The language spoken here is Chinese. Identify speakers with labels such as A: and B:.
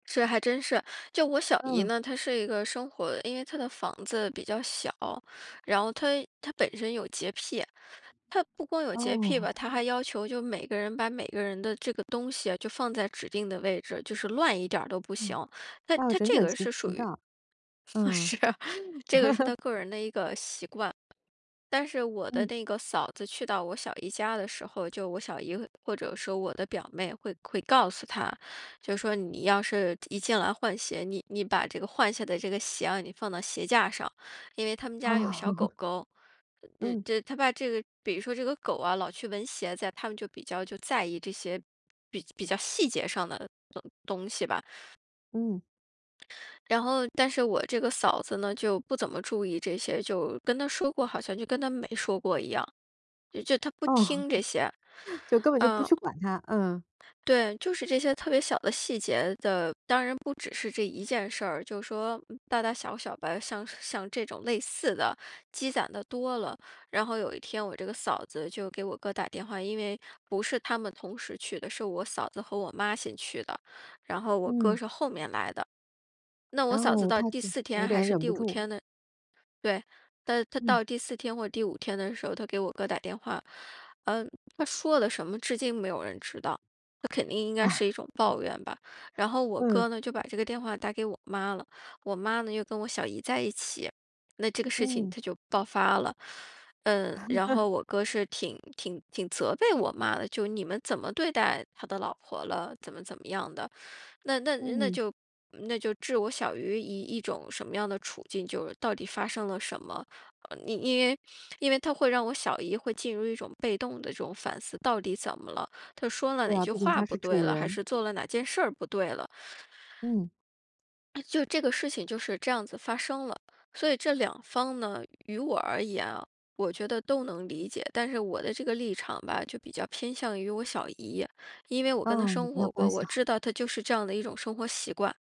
A: 这还真是。就我小姨
B: 嗯。
A: 呢，她是一个生活因为她的房子比较小，然后她她本身有洁癖，她不光有洁癖
B: 哦。
A: 吧，她还要求就每个人把每个人的这个东西啊，就放在指定的位置，就是乱一点都不
B: 嗯，
A: 行。但
B: 要
A: 她她
B: 整
A: 这
B: 整
A: 个
B: 齐
A: 是属
B: 齐
A: 于
B: 的。嗯。
A: 是，这个是 她个人的一个习惯。但是我的
B: 嗯。
A: 那个嫂子去到我小姨家的时候，就我小姨或者说我的表妹会会告诉她，就说：“你要是一进来换鞋，你你把这个换下的这个鞋啊，你放到鞋架上。”因为他们家有小
B: 哦。
A: 狗 狗。
B: 嗯。
A: 这她怕这个比如说这个狗啊老去闻鞋子呀，他们就比较就在意这些比较比较细节上的东东西吧。
B: 嗯。
A: 然后但是我这个嫂子呢，就不怎么注意这些，就跟她说过好像就跟她没说过一样，也就她不
B: 哦，
A: 听这些。
B: 就根本就不
A: 嗯。
B: 去管它，嗯。
A: 对，就是这些特别小的细节的，当然不只是这一件事儿，就是说大大小小吧，像像这种类似的积攒地多了。然后有一天我这个嫂子就给我哥打电话，因为不是他们同时去的，是我嫂子和我妈先去的，然后我哥
B: 嗯。
A: 是后面来的。那我
B: 然
A: 嫂子
B: 后
A: 到
B: 他
A: 第
B: 就
A: 四
B: 有
A: 天还
B: 点
A: 是
B: 忍
A: 第
B: 不
A: 五
B: 住。
A: 天呢对，她她
B: 嗯。
A: 到第四天或第五天的时候，她给我哥打电话，呃，她说的什么至今没有人知道，那肯定应该是一
B: 啊。
A: 种抱怨吧，然后我
B: 嗯。
A: 哥呢就把这个电话打给我妈了，我妈呢又跟我小姨在一起，那这个事情
B: 嗯。
A: 它就爆发了。呃，然后 我哥是挺挺挺责备我妈的，就你们怎么对待他的老婆了？怎么怎么样的。那那那
B: 嗯。
A: 就那就置我小姨于一种什么样的处境，就是到底发生了什么？呃，因为因为她会让我小姨会进入一种被动的这种反思，到底怎么了？她说了
B: 对
A: 哪
B: 啊，
A: 句
B: 毕竟
A: 话
B: 她
A: 不
B: 是
A: 对
B: 主
A: 了，还
B: 人。
A: 是做了哪件事儿不对了。
B: 嗯。
A: 就这个事情就是这样子发生了。所以这两方呢，与我而言啊，我觉得都能理解，但是我的这个立场吧，就比较偏向于我小姨。因为我跟她
B: 哦，你
A: 生
B: 跟她
A: 活
B: 关
A: 过，
B: 系
A: 我
B: 好。
A: 知道她就是这样的一种生活习惯。